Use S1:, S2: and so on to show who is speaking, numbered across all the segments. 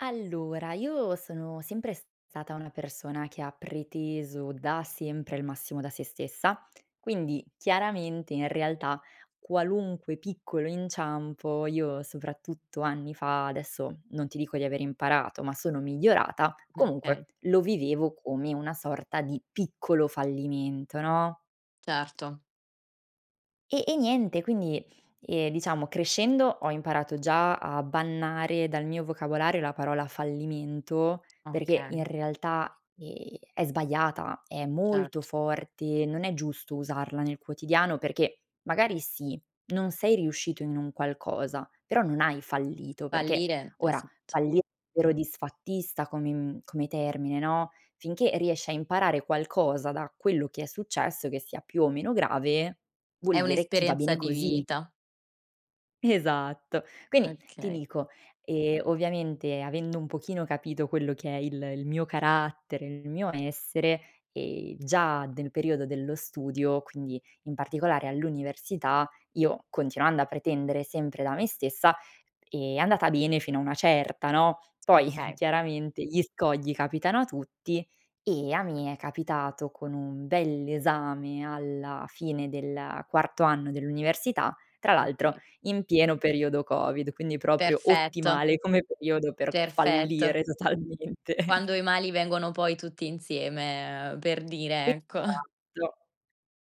S1: Allora, io sono sempre stata una persona, che ha preteso da sempre il massimo da sé stessa. Quindi, chiaramente, in realtà, qualunque piccolo inciampo io- soprattutto anni fa, adesso non ti dico di aver imparato, ma sono migliorata-
S2: Mh,
S1: comunque,
S2: okay.
S1: lo vivevo come una sorta di piccolo fallimento, no?
S2: Certo.
S1: E e niente, quindi, ehm, diciamo crescendo ho imparato già a bannare dal mio vocabolario la parola fallimento, perché
S2: Okay.
S1: in realtà, ehm, è sbagliata, è
S2: Certo.
S1: molto forte, non è giusto usarla nel quotidiano, perché magari sì, non sei riuscito in un qualcosa, però non hai fallito, perché
S2: Fallire è
S1: ora
S2: s z
S1: falli vero disfattista come mhmm, come termine, no. Finché riesci a imparare qualcosa da quello che è successo, che sia più o meno grave,
S2: È
S1: vuol dire che va
S2: un'esperienza
S1: bene
S2: di
S1: così.
S2: vita.
S1: Esatto. Quindi, ti
S2: Okay.
S1: dico, ehm, ovviamente, avendo un pochino capito quello che è il il mio carattere, il mio essere, ehm, già del periodo dello studio, quindi in particolare all'università io continuando a pretendere sempre da me stessa, è andata bene fino a una certa, no. Poi,
S2: Okay.
S1: chiaramente, gli scogli capitano a tutti e a me è capitato con un bell'esame alla fine del quarto anno dell'università, tra l'altro
S2: Okay.
S1: in pieno periodo Covid, quindi proprio
S2: Perfetto.
S1: ottimale come periodo per
S2: Perfetto.
S1: fallire totalmente.
S2: Quando i mali vengono poi tutti insieme, ehm, per dire, ecco.
S1: Esatto.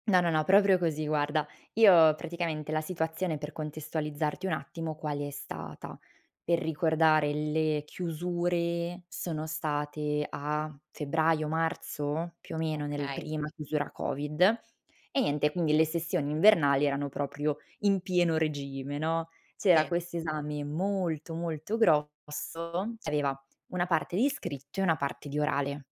S1: No, no, no, proprio così, guarda. Io praticamente la situazione per contestualizzarti un attimo, quale è stata: per ricordare, le chiusure sono state a febbraio, marzo? Più o meno nel
S2: Okay.
S1: prima chiusura Covid; e niente, quindi le sessioni invernali erano proprio in pieno regime, no. C'era
S2: Sì.
S1: quest'esame molto molto grosso, aveva una parte di scritto e una parte di orale.